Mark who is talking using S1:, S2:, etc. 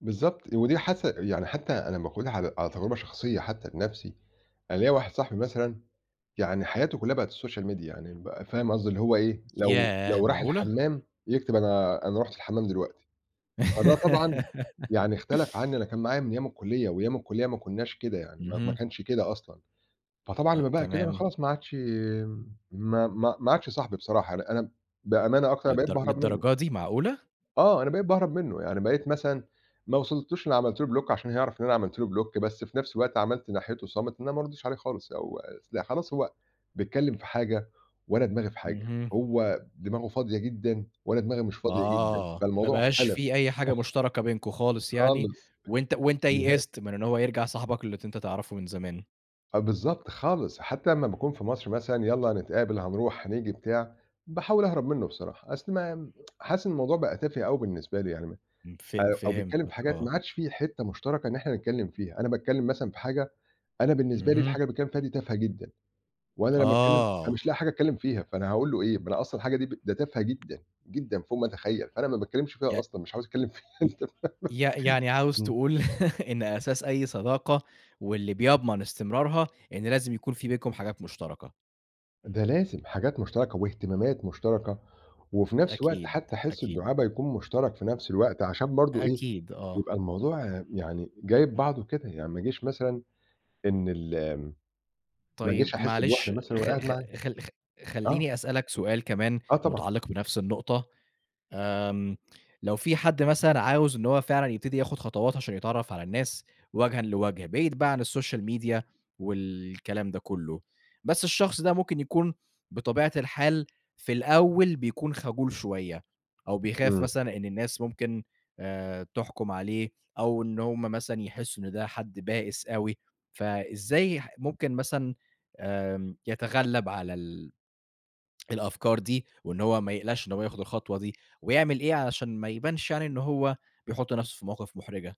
S1: بالضبط، ودي حس يعني حتّى أنا باخُدها على على تجربة شخصية حتّى لنَفْسي. أنا ليّا واحد صاحبي مثلًا يعني حياته كُلّها بقت الSocial Media يعني ب فاهم قصدي اللي هو إيه، لو
S2: ياه،
S1: لو راح
S2: معقولة؟!
S1: الحمّام، يكتب أنا أنا رُحت الحمام دلوقتي، فده طبعًا يعني اختلف عنّي أنا كان معايا من أيام الكُلّية وأيام الكُلّية ما كُنّاش كده يعني ما ما
S2: اهم.
S1: كانش كده أصلًا، فطبعًا
S2: أ
S1: لمّا بقى كده أنا
S2: تمام.
S1: خلاص ما عادش يم ما ما ما عادش صاحبي بصراحة، أنا أنا م بأمانة أكتر أنا بقيت
S2: للدر
S1: باهرب منُّه.
S2: للدرجة دي، معقولة؟!
S1: آه، أنا بقيت باهرب منُّه. يعني بقيت مثلًا ما وصلتوش إنّي عملت له Block عشان هيعرف إن أنا عملت له Block، بس في نَفْس الوقت عملت ناحيته صامت إن أنا ما أردّش عليه خالص أو أص لأ، خلاص هو بيتكلِّم في حاجة وأنا دماغي في حاجة،
S2: اهم.
S1: هو دماغه فاضية جدًا وأنا دماغي مش فاضية جدًا،
S2: آه، ما
S1: فالموضوع
S2: بقاش
S1: اختلف.
S2: في أي حاجة مشتركة بينكم خالص يعني
S1: خالص.
S2: وأنت وأنت
S1: نهائي.
S2: يئست من إن هو يرجع صاحبك اللي ت أنت تعرفه من زمان.
S1: آه بالضبط، خالص. حتى أمّا باكون في مصر مثلًا، يالّا هنتقابل، هنروح، هنيجي بتاع، باحاول أهرب منُّه بصراحة، أصل ما حاسِس إن الموضوع بقى تافِه أوي بالنسبة لي يعني ما
S2: إمم، ف
S1: أ أو بيتكلِّم في
S2: فهمتك
S1: حاجات
S2: آه.
S1: ما عادش في حتّة مشتركة إن إحنا نتكلِّم فيها. أنا باتكلِّم مثلًا في حاجة، أنا بالنسبة لي
S2: اهم.
S1: الحاجة اللي بيتكلِّم فيها دي تافهة جدًا وأنا لمّا أتكلِّم
S2: آه.
S1: فمش لاقي حاجة أتكلِّم فيها، فأنا هاقول له إيه؟ ما أنا أصلًا الحاجة دي ب ده تافهة جدًا، جدًا فوق ما أتخيّل، فأنا ما باتكلِّمش
S2: ي
S1: فيها أصلًا، مش عاوز أتكلِّم فيها
S2: ي
S1: أنت فاهم،
S2: ي يعني عاوز
S1: إمم.
S2: تقول إن أساس أي صداقة واللي بيضمن استمرارها، إن لازم يكون في بينكم حاجات مُشترَكة.
S1: ده لازم حاجات مُشترَكة واهتمامات مُشترَكة وفي نَفْس الوقت
S2: أكيد،
S1: حتّى حِس
S2: أكيد.
S1: الدُعابة يكون مُشترَك في نَفْس الوقت عشان برضه إيه،
S2: أكيد، آه.
S1: يبقى الموضوع يعني جايب بعضه كده، يعني ما ييجيش مثلًا إن ال ما أجيش
S2: طيب
S1: أحِس بوِحدة
S2: معلش
S1: مثلًا وأنا
S2: خ
S1: قاعد
S2: خ
S1: معاه.
S2: خل خ
S1: آه.
S2: خلّيني أسألك سؤال كمان
S1: آه طبعًا.
S2: مُتعلِّق بنَفْس النقطة، آمم لو في حد مثلًا عاوز إن هو فعلًا يبتدي ياخُد خطوات عشان يتعرّف على الناس وَجهًا لوَجْه بعيد بقى عن الsocial media والكلام ده كُلّه، بس الشخص ده ممكن يكون بطبيعة الحال في الأول بيكون خجول شوية أو بيخاف
S1: إمم.
S2: مثلًا إن الناس ممكن آآ تحكُم عليه أو إن هم مثلًا يحسّوا إن ده حد بائِس أوي، فإزاي ح ممكن مثلًا آمم يتغلّب على ال الأفكار دي وإن هو ما يقلقش إن هو ياخُد الخطوة دي ويعمل إيه علشان ما يبانش يعني إن هو بيحُط نَفْسه في مواقِف مُحرِجة؟